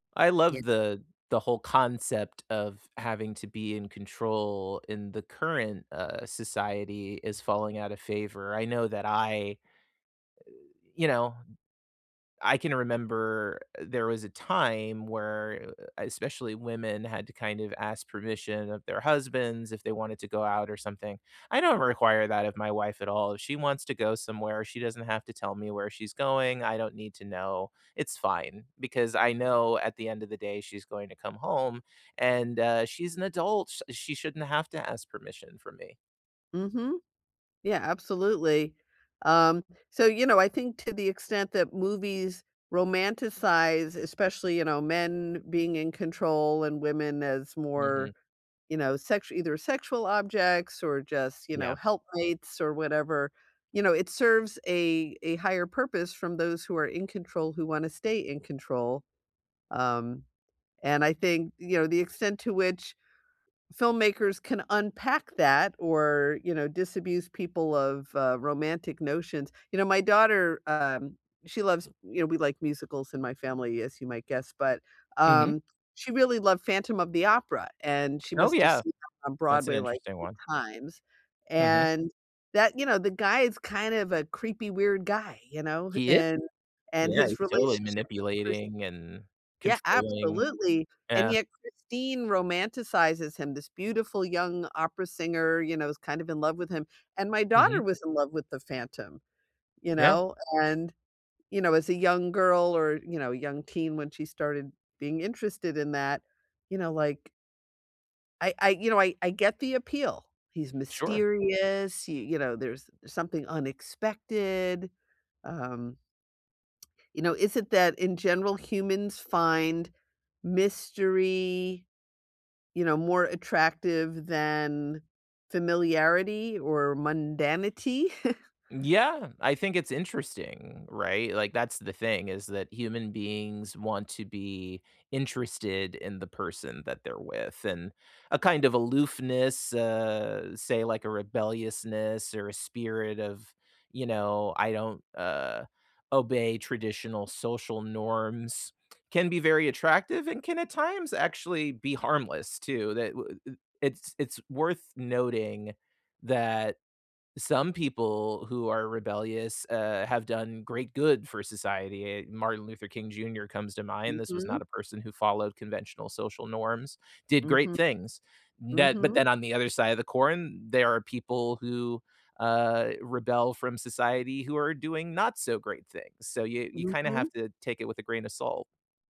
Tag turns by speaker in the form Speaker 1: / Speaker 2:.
Speaker 1: I
Speaker 2: Yeah.
Speaker 1: love the the whole concept of having to be in control in the current, uh, society is falling out of favor. I know that I uh, you know, I can remember there was a time where, uh, especially women had to kind of ask permission of their husbands if they wanted to go out or something. I don't require that of my wife at all. If she wants to go somewhere, she doesn't have to tell me where she's going, I don't need to know, it's fine because I know at the end of the day she's going to come home and, uh, she's an adult, sh she shouldn't have to ask permission from me.
Speaker 2: Mhm. Yeah, absolutely. Um, so, you know, I think to the extent that movies romanticize, especially, you know, men being in control, and women as
Speaker 1: Mhm.
Speaker 2: more, you know, sexu either sexual objects, or just, you
Speaker 1: Yeah.
Speaker 2: know, helpmates, or whatever, you know, it serves a a higher purpose from those who are in control who wanna stay in control, um, and I think, you know, the extent to which filmmakers can unpack that or, you know, disabuse people of, uh, romantic notions You know, my daughter, um, she loves you know, we like musicals in my family, as you might guess, but,
Speaker 1: Mhm.
Speaker 2: um, she really loved Phantom of the Opera, and she
Speaker 1: Oh,
Speaker 2: must have
Speaker 1: yeah.
Speaker 2: seen 'em on
Speaker 1: That's an
Speaker 2: Broadway, like,
Speaker 1: interesting
Speaker 2: 8
Speaker 1: one.
Speaker 2: times.
Speaker 1: Mhm.
Speaker 2: And, that you know, the guy is kind of a creepy weird guy, you know? H
Speaker 1: He i
Speaker 2: And and
Speaker 1: Yeah, he's
Speaker 2: his
Speaker 1: totally
Speaker 2: relationship with Chris
Speaker 1: manipulating and
Speaker 2: Yeah,
Speaker 1: controlling.
Speaker 2: absolutely! And
Speaker 1: Yeah.
Speaker 2: yet Christine romanticizes him, this beautiful young opera singer, you know, is kind of in love with him. And my
Speaker 1: Mhm.
Speaker 2: daughter was in love with the Phantom, you
Speaker 1: Yeah.
Speaker 2: know? And, you know, as a young girl, or, you know, a young teen, when she started being interested in that, you know, like I I, you know, I I get the appeal. He's
Speaker 1: Sure.
Speaker 2: mysterious, y you know, there's something unexpected, um You know, is it that in general humans find mystery, you know, more attractive than, familiarity or mundanity?
Speaker 1: Yeah. I think it's interesting, right? Like, that's the thing is that human beings want to be interested in the person that they're with and a kind of aloofness, uh, say, like, a rebelliousness or a spirit of, you know, "I don't, uh, obey traditional social norms," can be very attractive and can at times actually be harmless too. Tha w uh It's it's worth noting that some people who are rebellious, uh, have done great good for society, eh, Martin Luther King Junior comes to mind. This was
Speaker 2: Mhm.
Speaker 1: not a person who followed conventional social norms, did great
Speaker 2: Mhm.
Speaker 1: things. That but
Speaker 2: Mhm.
Speaker 1: then on the other side of the corn, there are people who, uh, rebel from society who are doing not so great things. So y you kinda have
Speaker 2: Mhm.
Speaker 1: to take it with a grain of salt.